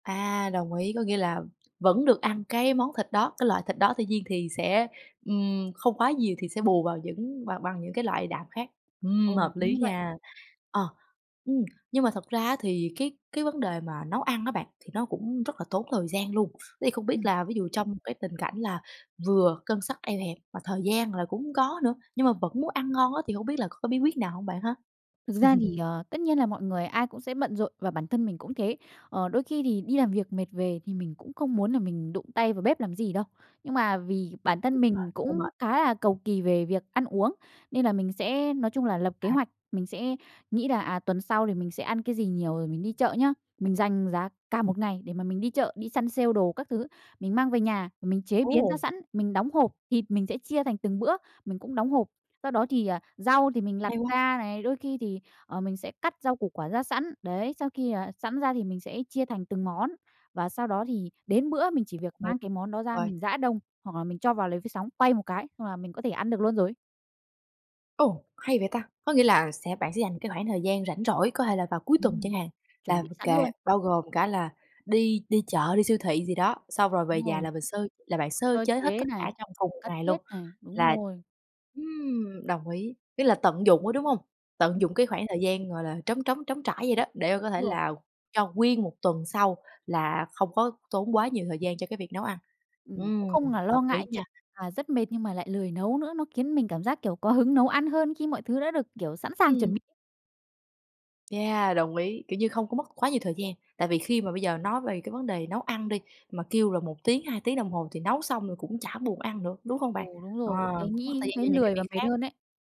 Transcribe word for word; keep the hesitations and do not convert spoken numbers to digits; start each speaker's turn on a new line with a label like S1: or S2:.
S1: À, đồng ý, có nghĩa là vẫn được ăn cái món thịt đó, cái loại thịt đó, tuy nhiên thì sẽ, ừm, không quá nhiều thì sẽ bù vào những bằng bằng những cái loại đạm khác. Ừm,
S2: Ồ,
S1: hợp
S2: đúng
S1: lý
S2: như vậy.
S1: nha. Ờ, ừm, nhưng mà thật ra á thì cái cái vấn đề mà nấu ăn á bạn, thì nó cũng rất là tốn thời gian luôn. Thế thì không biết
S2: Ừm.
S1: là ví dụ trong cái tình cảnh là vừa ngân sách eo hẹp mà thời gian là cũng hông có nữa, nhưng mà vẫn muốn ăn ngon á thì hông biết là có cái bí quyết nào hông bạn ha?
S2: Thực ra thì, à, tất nhiên là mọi người ai cũng sẽ bận rộn và bản thân mình cũng thế. Ờ, đôi khi thì đi làm việc mệt về thì mình cũng không muốn là mình đụng tay vào bếp làm gì đâu. Nhưng mà vì bản
S1: Đúng
S2: thân
S1: rồi,
S2: mình
S1: hơi
S2: cũng
S1: mệt.
S2: khá là cầu kỳ về việc ăn uống, nên là mình sẽ nói chung là lập kế
S1: À.
S2: hoạch, mình sẽ nghĩ là, à, tuần sau thì mình sẽ ăn cái gì nhiều rồi mình đi chợ nhá. Mình dành giá cả một ngày để mà mình đi chợ, đi sale đồ các thứ, mình mang về nhà mình chế biến ra
S1: Ồ!
S2: sẵn, mình đóng hộp. Thịt mình sẽ chia thành từng bữa mình cũng đóng hộp, sau đó thì, à, rau thì mình lặt
S1: Hay quá.
S2: ra này, đôi khi thì, ờ, mình sẽ cắt rau củ quả ra sẵn. Đấy, sau khi, à, sẵn ra thì mình sẽ chia thành từng món và sau đó thì đến bữa mình chỉ việc
S1: Ừ,
S2: mang cái món đó ra
S1: rồi.
S2: mình rã đông, hoặc là mình cho vào lò vi sóng quay một cái xong là mình có thể ăn được luôn rồi.
S1: Ồ! Hay vậy ta, có nghĩa là sẽ bạn sẽ dành cái khoảng thời gian rảnh rỗi có thể là vào cuối tuần
S2: Ừm,
S1: chẳng hạn,
S2: chuẩn
S1: là
S2: bị sẵn
S1: kệ
S2: luôn.
S1: bao gồm cả là đi đi chợ đi siêu thị gì đó. Xong rồi về
S2: Đúng
S1: nhà
S2: rồi.
S1: là mình sơ là bạn sơ
S2: Sơ
S1: chế hết
S2: chế
S1: tất
S2: này,
S1: cả trong cùng một
S2: cất
S1: ngày luôn.
S2: hết này, đúng
S1: Là
S2: rồi.
S1: ừm, đồng ý, tức là tận dụng á, đúng hông? Tận
S2: Ừm.
S1: dụng cái khoảng thời gian, gọi là, trống trống trống trải vậy đó, để mà có thể
S2: Rồi.
S1: là cho nguyên một tuần sau là không có tốn quá nhiều thời gian cho cái việc nấu ăn.
S2: Ừm,
S1: Ừm,
S2: cũng không là
S1: hợp
S2: lo
S1: lý
S2: ngại
S1: nha.
S2: chuyện là rất mệt nhưng mà lại lười nấu nữa, nó kiến mình cảm giác, kiểu, có hứng nấu ăn hơn khi mọi thứ đã được, kiểu, sẵn sàng chuẩn
S1: Ừm.
S2: [unintelligible]
S1: Yeah, đồng ý, kiểu như, không có mất quá nhiều thời gian. Tại vì khi mà bây giờ nói về cái vấn đề nấu ăn đi, mà kêu là một tiếng hai tiếng đồng hồ thì nấu xong rồi cũng chả buồn ăn nữa, đúng không bạn?
S2: Ồ, đúng
S1: Ờ,
S2: rồi, lúc đấy
S1: cũng mất thời
S2: nghĩ
S1: gian cho
S2: thấy
S1: những cái
S2: lười và
S1: việc
S2: mệt
S1: khác.
S2: hơn ấy.